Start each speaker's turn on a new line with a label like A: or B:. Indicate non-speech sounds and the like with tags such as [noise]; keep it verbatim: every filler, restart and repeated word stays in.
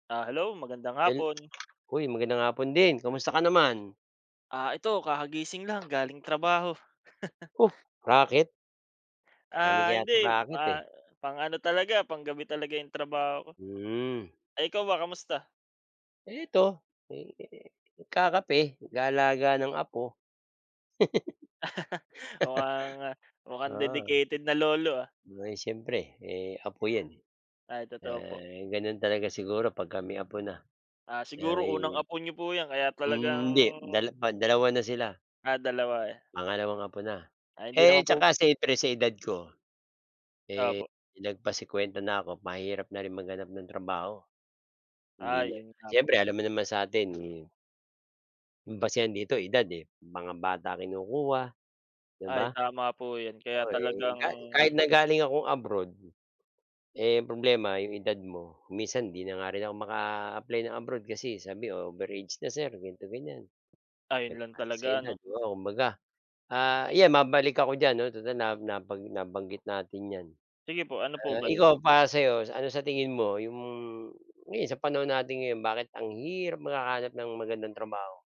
A: Ah, hello magandang
B: Yun,
A: hapon.
B: uy magandang hapon din. Kumusta ka naman?
A: Ah, ito kakagising lang galing trabaho. [laughs]
B: Oh! Raket? Dami
A: Ah,
B: kaya yatang
A: hindi,
B: raket
A: ah,
B: eh.
A: pang-ano talaga panggabi talaga yung trabaho ko.
B: Hmm.
A: Ay ikaw ba, kamusta?
B: Eto. Eh, nagkakape, nag-aalaga ng apo.
A: [laughs] Mukhang ah,
B: [laughs]
A: mukhang
B: Oo.
A: dedicated na lolo ah.
B: Aba'y siyempre eh, apo yan eh.
A: Ay totooo po.
B: Ah, ganon talaga siguro pagka may apo na.
A: Ah, siguro unang
B: Ayun,
A: apo niyo po yan kaya
B: hmm
A: talagang
B: hindi dala ban dalawa na sila.
A: Ah, dalawa eh.
B: Pangalawang apo na.
A: Ay hindi naman
B: Eh,
A: po
B: tsaka siyempre sa edad ko. Eh,
A: Opo.
B: lagpas singkwenta na ako, mahirap na rin maghanap ng trabaho.
A: Ah,
B: Hindi na
A: yun nga po.
B: siyempre alam mo naman sa atin, mm ang basehan dito edad eh. Mga bata kinukuha, di
A: Ay
B: ba?
A: tama po yan, kaya
B: Oo eh,
A: talagang
B: kahit kahit na galing akong abroad, eh, problema yung edad mo. Minsan, 'di na nga rin ako maka-apply ng abroad kasi sabi over-age na sir ganito ganyan.
A: Ay yun lang
B: Lagpas na sa
A: talaga,
B: edad,
A: no?
B: oo, kumbaga, ah, ayan mabalik ako diyan no, tutal naba na nabanggit natin 'yan.
A: Sige po, ano po
B: Ah,
A: ba yun?
B: ikaw para sa 'yo ano sa tingin mo, yung ngayon sa panahon natin ngayon bakit ang hirap maka-hanap ng magandang trabaho?